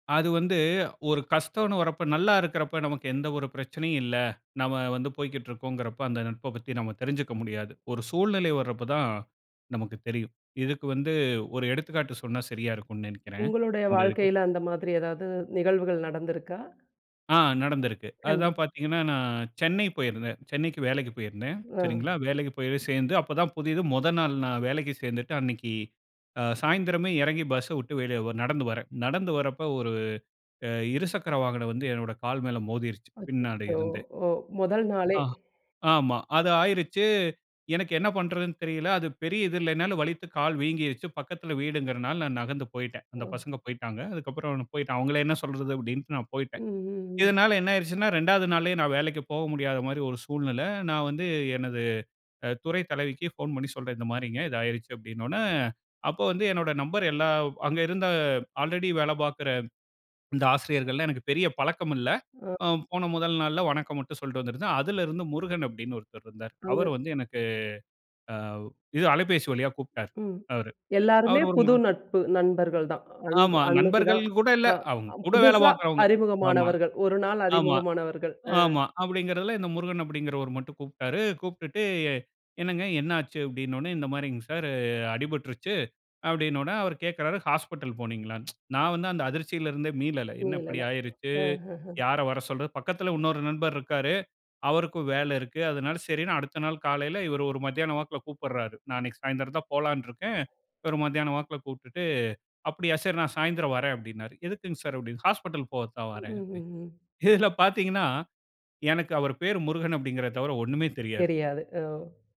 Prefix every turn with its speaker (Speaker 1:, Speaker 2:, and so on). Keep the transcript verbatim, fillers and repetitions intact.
Speaker 1: அது வந்து ஒரு கஷ்டம்னு வரப்போ நல்லாருக்கிறப்போ நமக்கு எந்த ஒரு பிரச்சனையும் இல்லை. நம்ம வந்து போய்க்கிட்டு இருக்கோம்கிறப்போ, அந்த நட்ப பத்தி, நம்ம தெரிஞ்சுக்க முடியாது. ஒரு சூழ்நிலை வர்றப்பதான் நமக்கு தெரியும். இதுக்கு வந்து ஒரு எடுத்துக்காட்டு சொன்னா சரியா இருக்கும்னு நினைக்கிறேன்.
Speaker 2: உங்களுடைய
Speaker 1: இந்த இதுக்கு.
Speaker 2: வாழ்க்கையில அந்த மாதிரி எதாவது நிகழ்வுகள் நடந்திருக்கா?
Speaker 1: ஆ நடந்திருக்கு. அதுதான்
Speaker 2: கண்டிப்
Speaker 1: பார்த்தீங்கன்னா, நான் சென்னை போயிருந்தேன். சென்னைக்கு வேலைக்கு போயிருந்தேன்.
Speaker 2: ஆ.
Speaker 1: சரிங்களா. வேலைக்கு போய் போய் சேர்ந்து அப்போதான் புதது. முத நாள் நான் வேலைக்கு சேர்ந்துட்டு, அன்னைக்கு அ சாயந்திரமே இறங்கி, பஸ்ஸ விட்டு வெளிய ஒர் நடந்து வரேன். நடந்து வரப்போ ஒரு அ இருசக்கர வாகனம் வந்து என்னோட கால் மேல மோதிருச்சு, பின்னாடி
Speaker 2: அச்சச்சோ!
Speaker 1: இருந்தே.
Speaker 2: ஓ. முதல் நாளே.
Speaker 1: ஆ, ஆமா. அது ஆயிருச்சு. எனக்கு என்ன பண்ணுறதுன்னு தெரியல. அது பெரிய இது இல்லன்னாலும் வலித்து கால் வீங்கிருச்சு. பக்கத்தில வீடுங்கிறனால நான் நகர்ந்து போயிட்டேன். அந்த
Speaker 2: ம்.
Speaker 1: பசங்க போய்ட்டாங்க. அதுக்கப்பறம் நான் போயிட்டு, அவங்கள என்ன சொல்றது? அப்படீன்டு நான்
Speaker 2: ம்.
Speaker 1: போயிட்டேன்.
Speaker 2: ம். ம்.
Speaker 1: இதனால என்ன ஆகிருச்சுன்னா, ரெண்டாவது நாளே நான் வேலைக்கு போக முடியாத மாரி ஒரு சூழ்நிலை, நான் வந்து எனது துறைத் தலைவிக்கு போன் பண்ணி சொல்றேன், இந்த மாரிங்க. இது ஆகிருச்சு. அப்பிடீன்னவொனே அப்போ வந்து என்னுடைய நம்பர் எல்லா அங்க இருந்த ஆல்ரெடி வேலை பார்க்கிற இந்த ஆசிரியர்கள்லாம் எனக்கு பெரிய பழக்கம் இல்லை.
Speaker 2: அ.
Speaker 1: அ போன முதல் நாள்ல வணக்கம் மட்டும் சொல்லிட்டு வந்திருந்தேன். அதிலிருந்து முருகன் அப்படின்னு ஒருத்தர் இருந்தாரு. அவரு
Speaker 2: அங்க
Speaker 1: வந்து எனக்கு அ வு இது அலைபேசி வழியா கூப்பிட்டாரு,
Speaker 2: ம்.
Speaker 1: அவரு.
Speaker 2: எல்லாருமே
Speaker 1: அவரு ஒரு
Speaker 2: புது
Speaker 1: மா
Speaker 2: நட்பு. நண்பர்கள் தான் அன்று
Speaker 1: ஆமா.
Speaker 2: அன்னைக்கு
Speaker 1: நண்பர்கள்
Speaker 2: தான்.
Speaker 1: கூட இல்ல.
Speaker 2: அ
Speaker 1: அவுங்க, கூட வேலை
Speaker 2: புதுசா
Speaker 1: பார்க்குறவங்க. ஆமா,
Speaker 2: அறிமுகமானவர்கள். ஒரு நாள்
Speaker 1: ஆமா,
Speaker 2: அறிமுகமானவர்கள். ஆ.
Speaker 1: ஆமா. அப்பிடீங்கிறதில, இந்த முருகன் அப்பிடீங்கிறவர் மட்டும் கூப்பிட்டாரு. கூப்பிட்டுட்டு, "என்னங்க, என்ன ஆச்சு?" அப்பிடீன்னவுடனே, "இந்த மாரிங்க சார். அடிபட்டுருச்சு." அப்பிடீன்னவெடனே, அவர் கேட்கிறாரு. "ஹாஸ்பிட்டல் போனீங்களா?" நான் வந்து அந்த அதிர்ச்சியில இருந்தே மீளல. என்ன இப்படி
Speaker 2: மீளல.
Speaker 1: ஆகிருச்சு?
Speaker 2: ஆஹஹ.
Speaker 1: யார வர சொல்றது? பக்கத்தில உன்னொரு நண்பர் இருக்கிறாரு. அவருக்கும் வேலை இருக்கு. அதனால சரின்னு அடுத்த நாள் காலையில இவரு ஒரு மத்தியானம் வாக்குல கூப்பிடுறாரு. நான் அன்னைக்கு சாயந்திரம் தான் போலான்டுருக்கேன். இவரு மதியானம் வாக்குல கூப்பிட்டுட்டு, "அப்படியா சரி நான் சாயந்திரம் வரேன்" அப்பிடீன்னாரு. "எதுக்குங்க சார்?" அப்பிடீன்னா, "ஹாஸ்பிட்டல் போகத்தான் வரேன்." அப்பிடி
Speaker 2: ம்ஹ்ஹும்.
Speaker 1: இதில பார்த்தீங்கன்னா, எனக்கு அவரு பேரு முருகன் அப்பிடீங்கிறத தவிர ஒண்ணுமே தெரியாது.
Speaker 2: தெரியாது. ஓ.